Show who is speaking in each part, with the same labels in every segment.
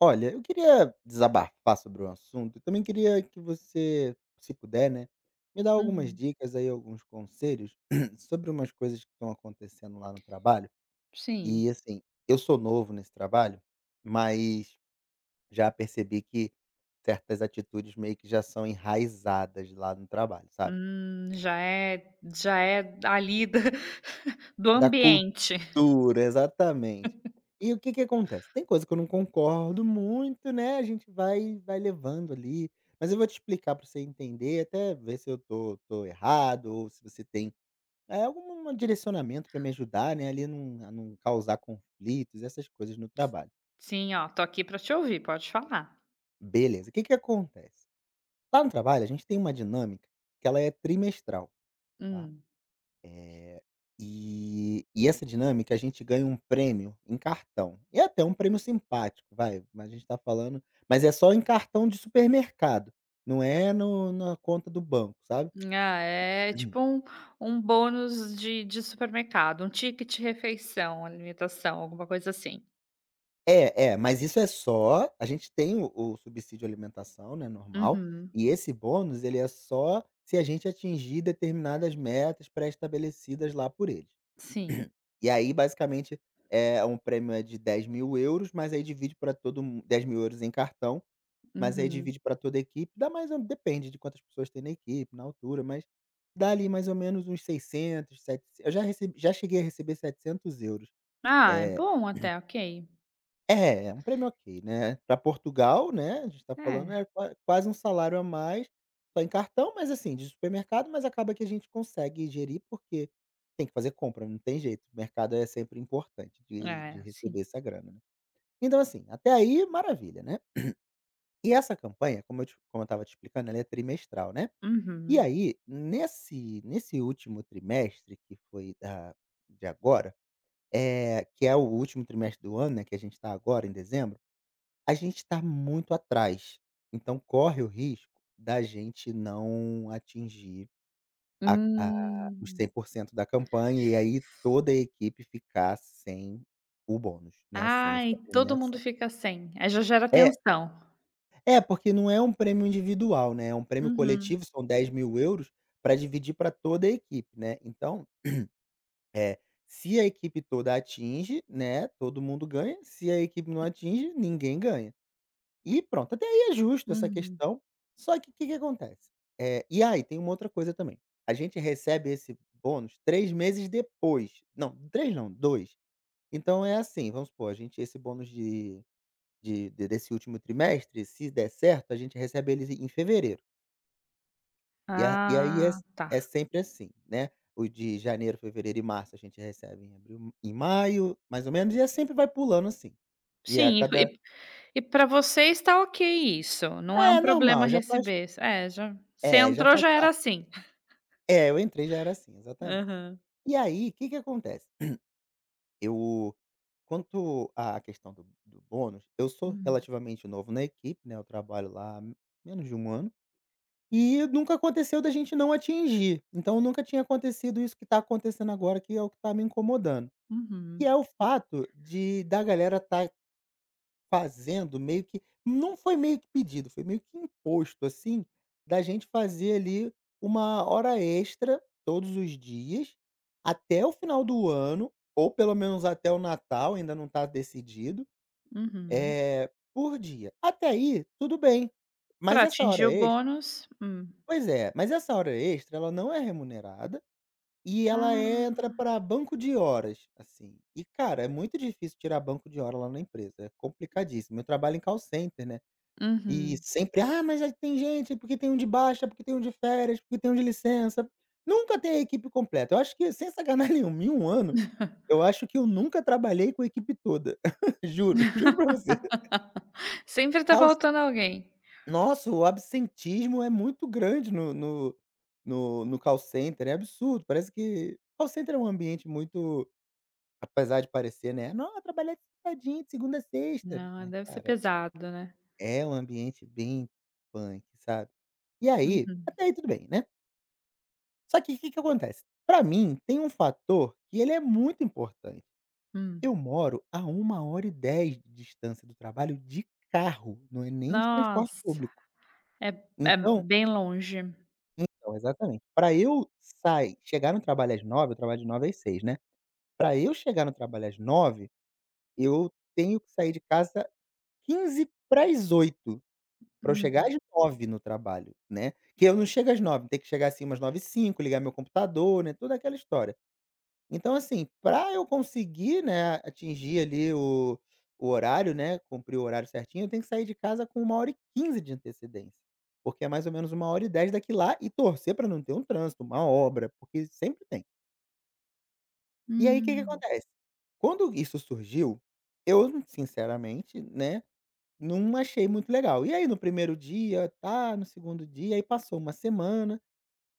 Speaker 1: Olha, eu queria desabafar sobre um assunto e também queria que você, se puder, né, me dá algumas
Speaker 2: Uhum.
Speaker 1: dicas aí, alguns conselhos sobre umas coisas que estão acontecendo lá no trabalho,
Speaker 2: Sim.
Speaker 1: e, assim, eu sou novo nesse trabalho, mas já percebi que certas atitudes meio que já são enraizadas lá no trabalho, sabe?
Speaker 2: Hum, já é já é ali da do
Speaker 1: Da
Speaker 2: ambiente.
Speaker 1: cultura, exatamente. E o que que acontece, tem coisa que eu não concordo muito, né, a gente vai vai levando ali, mas eu vou te explicar para você entender, até ver se eu tô tô errado ou se você tem, eh, alguma direcionamento para me ajudar, né, ali num a não causar conflitos e essas coisas no trabalho.
Speaker 2: Sim, ó, tô aqui pra te ouvir, pode falar.
Speaker 1: Beleza, que que acontece, lá no trabalho, a gente tem uma dinâmica que ela é trimestral, tá,
Speaker 2: Hum.
Speaker 1: eh, e e essa dinâmica a gente ganha um prêmio em cartão, e é até um prêmio simpático, vai, mas a gente tá falando mas é só em cartão de supermercado, não é no na conta do banco, sabe?
Speaker 2: Ah, é tipo um um bônus de de supermercado, um ticket refeição, alimentação, alguma coisa assim?
Speaker 1: É, é, mas isso é só a gente tem o o subsídio alimentação, né, normal,
Speaker 2: Uhum.
Speaker 1: e esse bônus ele é só se a gente atingir determinadas metas pré-estabelecidas lá por eles.
Speaker 2: Sim.
Speaker 1: E aí basicamente, é um prêmio é de 10.000€, mas aí divide pra todo mun 10.000€ em cartão, mas aí
Speaker 2: Uhum.
Speaker 1: divide pra toda a equipe, dá mais ou depende de quantas pessoas tem na equipe, na altura, mas dá ali mais ou menos uns 600, setecen eu já receb já cheguei a receber 700€.
Speaker 2: Ah, é
Speaker 1: Eh
Speaker 2: bom até, ok.
Speaker 1: É, é um prêmio ok, né, pra Portugal, né, a gente tá falando,
Speaker 2: É.
Speaker 1: é qua quase um salário a mais, só em cartão, mas assim, de supermercado, mas acaba que a gente consegue gerir, porque tem que fazer compra, não tem jeito, mercado é sempre importante de de
Speaker 2: É,
Speaker 1: receber
Speaker 2: sim.
Speaker 1: essa grana. Então, assim, até aí maravilha, né, e essa campanha, como eu te como eu estava te explicando, ela é trimestral, né, e
Speaker 2: Uhum.
Speaker 1: aí nesse nesse último trimestre, que foi da de agora, eh, que é o último trimestre do ano, né, que a gente tá agora em dezembro, a gente tá muito atrás, então, corre o risco da gente não atingir a a os
Speaker 2: Hum.
Speaker 1: 100% da campanha e aí toda a equipe ficar sem o bônus, né, sem
Speaker 2: Ai,
Speaker 1: essa
Speaker 2: todo mundo
Speaker 1: premiação.
Speaker 2: fica sem. Aí já gera tensão.
Speaker 1: É. É, porque não é um prêmio individual, né, é um prêmio
Speaker 2: Uhum.
Speaker 1: coletivo, são 10.000€ pra dividir pra toda a equipe, né. Então, eh, se a equipe toda atinge, né, todo mundo ganha, se a equipe não
Speaker 2: Hum.
Speaker 1: atinge, ninguém ganha. E pronto, até aí é justo essa
Speaker 2: Uhum.
Speaker 1: questão, só que o que que acontece, eh e aí tem uma outra coisa também, a gente recebe esse bônus 3 meses depois não, 3 não, 2. Então, é assim, vamos supor, a gente esse bônus de de desse último trimestre, se der certo, a gente recebe ele em fevereiro. E a e aí é
Speaker 2: Ah,
Speaker 1: s é
Speaker 2: tá.
Speaker 1: sempre assim, né, o de janeiro, fevereiro e março, a gente recebe em abril em maio, mais ou menos, e é sempre vai pulando assim, e a
Speaker 2: Sim, e e
Speaker 1: cada
Speaker 2: p e pra vocês tá ok isso, não é um
Speaker 1: É,
Speaker 2: problema
Speaker 1: normal, já faz
Speaker 2: receber, s é, já você
Speaker 1: É, já
Speaker 2: entrou,
Speaker 1: faz
Speaker 2: já era
Speaker 1: parte.
Speaker 2: assim
Speaker 1: É, eu entrei, já era assim. Exatamente.
Speaker 2: Aham.
Speaker 1: E aí, que que acontece, eu quanto à questão do do bônus, eu sou
Speaker 2: Hum.
Speaker 1: relativamente novo na equipe, né, eu trabalho lá há menos de 1 ano e nunca aconteceu da gente não atingir. Então, nunca tinha acontecido isso que tá acontecendo agora, que é o que tá me incomodando, que
Speaker 2: Uhum.
Speaker 1: é o fato de da galera tá fazendo meio que não foi meio que pedido, foi meio que imposto, assim, da gente fazer ali 1 hora extra todos os dias até o final do ano, ou pelo menos até o Natal, ainda não tá decidido,
Speaker 2: Uhum.
Speaker 1: eh, por dia. Até aí, tudo bem, mas
Speaker 2: Pra
Speaker 1: essa hora
Speaker 2: atingir o
Speaker 1: extra.
Speaker 2: bônus, hum.
Speaker 1: Pois é, mas essa hora extra, ela não é remunerada e ela entra
Speaker 2: Ah.
Speaker 1: pra banco de horas, assim. E, cara, é muito difícil tirar banco de hora lá na empresa, é complicadíssimo. Eu trabalho em call center, né, e
Speaker 2: Uhum.
Speaker 1: sempre: "Ah, mas é que tem gente, porque tem um de baixa, porque tem um de férias, porque tem um de licença", nunca tem a equipe completa. Eu acho que, sem sacanagem nenhuma, em 1 ano, eu acho que eu nunca trabalhei com a equipe toda, juro, juro pra você.
Speaker 2: Sempre tá
Speaker 1: Call c
Speaker 2: faltando alguém.
Speaker 1: Nossa, o absentismo é muito grande no no no no call center, é absurdo, parece que call center, é um ambiente muito apesar de parecer, né: "Não, é trabalhar sentadinho, segunda a sexta",
Speaker 2: Não, é,
Speaker 1: mas,
Speaker 2: deve ser
Speaker 1: cara
Speaker 2: pesado, né.
Speaker 1: É um ambiente bem punk, sabe. E aí
Speaker 2: Uhum.
Speaker 1: até aí tudo bem, né. Só que que que acontece? Pra mim, tem um fator que ele é muito importante.
Speaker 2: Hum.
Speaker 1: Eu moro a 1 hora e 10 de distância do trabalho de carro, não é nem de transporte
Speaker 2: Nossa,
Speaker 1: público.
Speaker 2: é é
Speaker 1: Então
Speaker 2: bem longe.
Speaker 1: Então, exatamente, pra eu sai, chegar no trabalho às 9h, eu trabalho de 9h às 18h, né. Pra eu chegar no trabalho às 9h, eu tenho que sair de casa 7:45 pra eu chegar
Speaker 2: Uhum.
Speaker 1: às 9h no trabalho, né. Que eu não chego às 9h, tenho que chegar, assim, umas 9:05, ligar meu computador, né, toda aquela história. Então, assim, pra eu conseguir, né, atingir ali o o horário, né, cumprir o horário certinho, eu tenho que sair de casa com 1 hora e 15 de antecedência, porque é mais ou menos uma 1 hora e 10 daqui lá e torcer pra não ter um trânsito, uma obra, porque sempre tem. E aí, que que
Speaker 2: Hum.
Speaker 1: acontece? Quando isso surgiu, eu, sinceramente, né, não achei muito legal. E aí no primeiro dia, tá, no segundo dia, aí passou uma semana.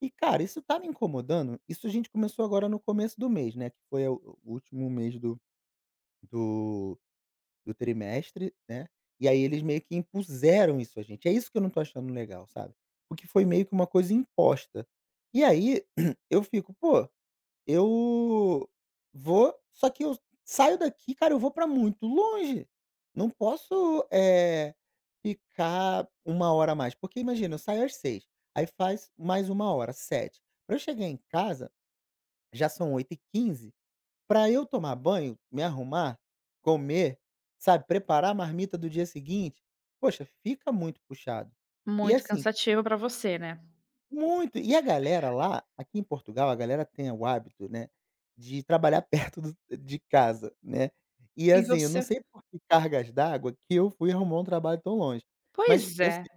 Speaker 1: E, cara, isso tá me incomodando. Isso a gente começou agora no começo do mês, né, que foi o o último mês do do do trimestre, né. E aí eles meio que impuseram isso à gente. É isso que eu não tô achando legal, sabe? Porque foi meio que uma coisa imposta. E aí eu fico "Pô, eu vou, só que eu saio daqui, cara, eu vou pra muito longe. Não posso, eh, ficar 1 hora a mais, porque imagina, eu saio às 18h, aí faz mais 1 hora, 19h. Pra eu chegar em casa, já são 20:15. Pra eu tomar banho, me arrumar, comer, sabe, preparar a marmita do dia seguinte, puxa, fica muito puxado." E
Speaker 2: Muito
Speaker 1: assim
Speaker 2: cansativo pra você, né?
Speaker 1: Muito. E a galera lá Aqui em Portugal, a galera tem o hábito, né, de trabalhar perto do de casa, né. E,
Speaker 2: E
Speaker 1: assim, eu não
Speaker 2: você
Speaker 1: sei por que cargas d'água que eu fui arrumar um trabalho tão longe, mas
Speaker 2: Pois
Speaker 1: eu
Speaker 2: é.
Speaker 1: sei.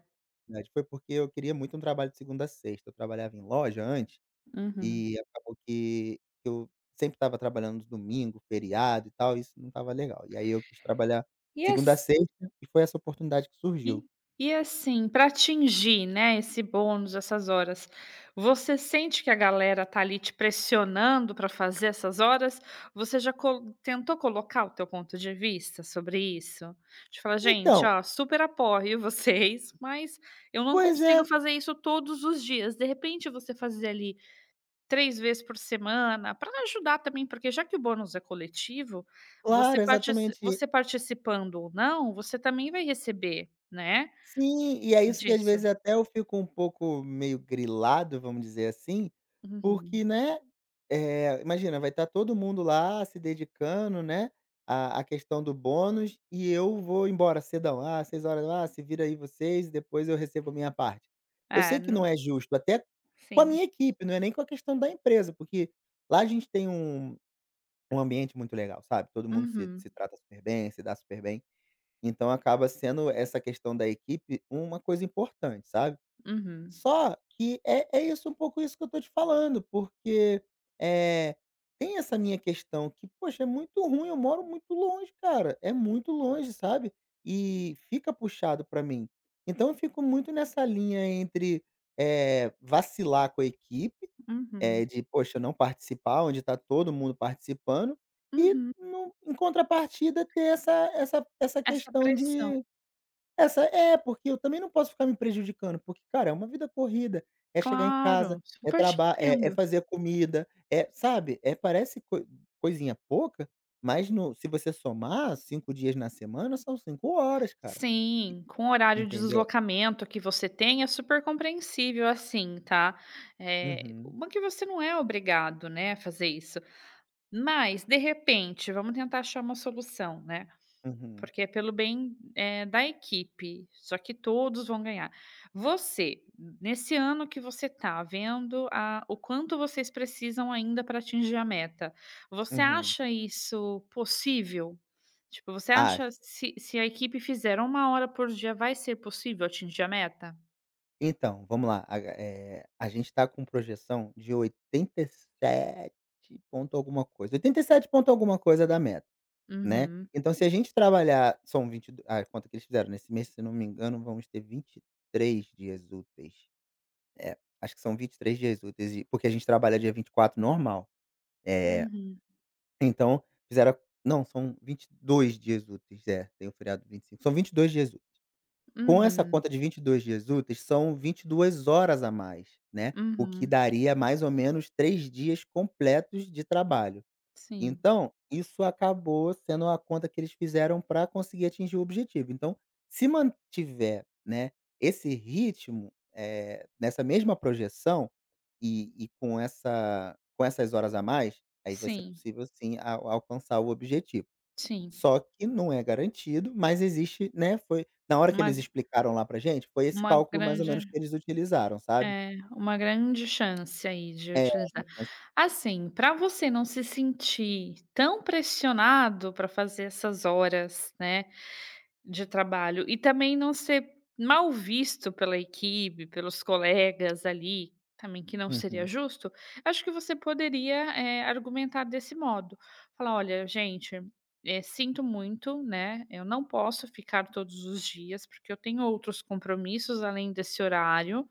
Speaker 1: [unintelligible] Foi porque eu queria muito um trabalho de segunda a sexta. Eu trabalhava em loja antes
Speaker 2: Uhum.
Speaker 1: e acabou que que eu sempre estava trabalhando domingo, feriado e tal, e isso não estava legal. E aí eu quis trabalhar
Speaker 2: E
Speaker 1: segunda a
Speaker 2: ass
Speaker 1: sexta e foi essa oportunidade que
Speaker 2: E
Speaker 1: surgiu.
Speaker 2: e assim, pra atingir, né, esse bônus, essas horas, você sente que a galera tá ali te pressionando pra fazer essas horas? Você já co tentou colocar o teu ponto de vista sobre isso, de falar: "Gente,
Speaker 1: Então.
Speaker 2: ó, super apoio vocês, mas eu não
Speaker 1: Pois
Speaker 2: consigo
Speaker 1: é.
Speaker 2: fazer isso todos os dias"? De repente, você fazer ali 3 vezes por semana, pra ajudar também, porque já que o bônus é coletivo, você
Speaker 1: Claro,
Speaker 2: partici
Speaker 1: exatamente, e
Speaker 2: você participando ou não, você também vai receber, né,
Speaker 1: Sim, e é isso que às
Speaker 2: disso.
Speaker 1: vezes até eu fico um pouco meio grilado, vamos dizer assim, porque,
Speaker 2: Uhum.
Speaker 1: né, eh, imagina, vai estar todo mundo lá se dedicando, né, à à questão do bônus e eu vou embora cedão. "Ah, 18h. Ah, se vira aí vocês, depois eu recebo minha parte". Eu
Speaker 2: É,
Speaker 1: sei que não
Speaker 2: nu
Speaker 1: é justo, até com a
Speaker 2: Sim.
Speaker 1: minha equipe, não é nem com a questão da empresa, porque lá a gente tem um um ambiente muito legal, sabe, todo mundo se
Speaker 2: Uhum.
Speaker 1: se trata super bem, se dá super bem. Então, acaba sendo, essa questão da equipe, uma coisa importante, sabe?
Speaker 2: Uhum.
Speaker 1: Só que é é isso, um pouco isso que eu tô te falando, porque, eh, tem essa minha questão que puxa, é muito ruim, eu moro muito longe, cara! É muito longe, sabe? E fica puxado pra mim. Então, eu fico muito nessa linha entre, eh, vacilar com a equipe,
Speaker 2: Uhum.
Speaker 1: eh, de, puxa, não participar, onde tá todo mundo participando e
Speaker 2: Uhum.
Speaker 1: nu em contrapartida, ter essa essa essa
Speaker 2: Essa
Speaker 1: questão
Speaker 2: pressão.
Speaker 1: de essa É, porque eu também não posso ficar me prejudicando, porque, cara, é uma vida corrida, é chegar em casa,
Speaker 2: Claro,
Speaker 1: é
Speaker 2: super te
Speaker 1: traba é é
Speaker 2: entendo.
Speaker 1: fazer comida, é sabe? É, parece coi-coisinha pouca, mas no se você somar, 5 dias na semana, são 5 horas, cara. E
Speaker 2: Sim, com o horário de
Speaker 1: entendeu?
Speaker 2: deslocamento que você tem, é super compreensível assim, tá? Eh,
Speaker 1: Uhum.
Speaker 2: uma que você não é obrigado, né, a fazer isso. Mas, de repente, vamos tentar achar uma solução, né,
Speaker 1: Uhum.
Speaker 2: porque é pelo bem, eh, da equipe, só que todos vão ganhar. Você, n nesse ano que você tá vendo a o quanto vocês precisam ainda pra atingir a meta, você
Speaker 1: Uhum.
Speaker 2: acha isso possível? Tipo, você acha
Speaker 1: Acho.
Speaker 2: se se a equipe fizer 1 hora por dia, vai ser possível atingir a meta?
Speaker 1: Então, vamo lá. A ga eh, a gente tá com projeção de 87 ponto alguma coisa, 87 ponto alguma coisa da meta, né,
Speaker 2: Uhum.
Speaker 1: então se a gente trabalhar, são 22 a conta que eles fizeram nesse mês, se não me engano, vamos ter 23 dias úteis, é, acho que são 23 dias úteis, e, porque a gente trabalha dia 24 normal, eh,
Speaker 2: Uhum.
Speaker 1: então fizeram não, são 22 dias úteis, é, tem o feriado de 25, são 22 dias úteis. Com essa
Speaker 2: Uhum.
Speaker 1: conta de 22 dias úteis, são 22 horas a mais, né, o que
Speaker 2: Uhum.
Speaker 1: daria mais ou menos 3 dias completos de trabalho,
Speaker 2: Sim.
Speaker 1: então, isso acabou sendo a conta que eles fizeram pra conseguir atingir o objetivo, então, se mantiver, né, esse ritmo, eh, nessa mesma projeção e e com essa com essas horas a mais, aí, vai ser
Speaker 2: Sim.
Speaker 1: possível sim, a alcançar o objetivo,
Speaker 2: Sim.
Speaker 1: só que não é garantido, mas existe né, foi na hora que
Speaker 2: Uma
Speaker 1: eles
Speaker 2: g
Speaker 1: explicaram lá pra gente, foi esse
Speaker 2: uma
Speaker 1: cálculo mais ou menos
Speaker 2: grande
Speaker 1: que eles utilizaram, sabe.
Speaker 2: é, uma grande chance aí, de
Speaker 1: É,
Speaker 2: utilizar
Speaker 1: uma chance
Speaker 2: assim, pra você não se sentir tão pressionado pra fazer essas horas, né, de trabalho e também não ser mal visto pela equipe, pelos colegas ali, também, que não seria
Speaker 1: Uhum.
Speaker 2: justo, acho que você poderia, eh, argumentar desse modo, falar: "Olha, gente, eh, sinto muito, né, eu não posso ficar todos os dias, porque eu tenho outros compromissos além desse horário,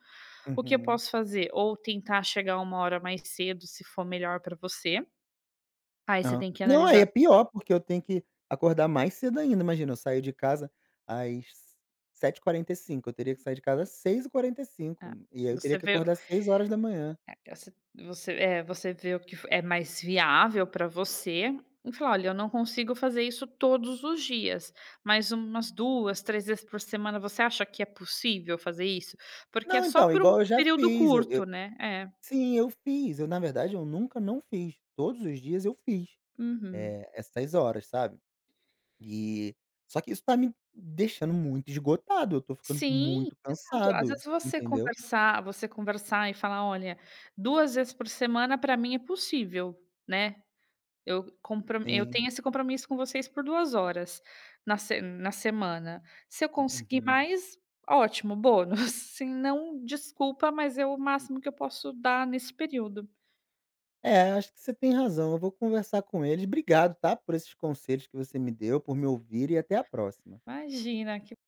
Speaker 2: o que eu
Speaker 1: Uhum.
Speaker 2: posso fazer, ou tentar chegar 1 hora mais cedo, se for melhor pra você", aí, você
Speaker 1: Hã,
Speaker 2: tem que
Speaker 1: não, aí,
Speaker 2: analisar
Speaker 1: é pior, porque eu tenho que acordar mais cedo ainda, imagina, eu saio de casa às 7h45, eu teria que sair de casa seis e quarenta e
Speaker 2: É,
Speaker 1: cinco e aí, eu
Speaker 2: você
Speaker 1: teria que
Speaker 2: vê o
Speaker 1: acordar 6
Speaker 2: é assi você eh, você vê o que f é mais viável pra você e falar: "Olha, eu não consigo fazer isso todos os dias", mas umas 2, 3 vezes por semana, você acha que é possível fazer isso? Porque é
Speaker 1: Não,
Speaker 2: só
Speaker 1: então,
Speaker 2: por um
Speaker 1: igual eu já
Speaker 2: período
Speaker 1: fiz, eu
Speaker 2: curto,
Speaker 1: eu
Speaker 2: né. É.
Speaker 1: sim, eu fiz, eu na verdade, eu nunca não fiz, todos os dias, eu fiz,
Speaker 2: Uhum.
Speaker 1: eh, essas horas, sabe, e só que isso tá me deixando muito esgotado, eu tô ficando
Speaker 2: Sim,
Speaker 1: muito
Speaker 2: exato. Às
Speaker 1: cansado,
Speaker 2: vezes, você
Speaker 1: entendeu?
Speaker 2: conversar você conversar e falar: "Olha, 2 vezes por semana pra mim é possível, né, eu compro eu
Speaker 1: Sim.
Speaker 2: tenho esse compromisso com vocês por 2 horas na se na semana, se eu conseguir
Speaker 1: Uhum.
Speaker 2: mais, ótimo, bônus, se não, desculpa, mas é o máximo que eu posso dar nesse período".
Speaker 1: É, acho que você tem razão, eu vou conversar com eles. Obrigado, tá, por esses conselhos que você me deu, por me ouvir e até a próxima.
Speaker 2: Imagina, que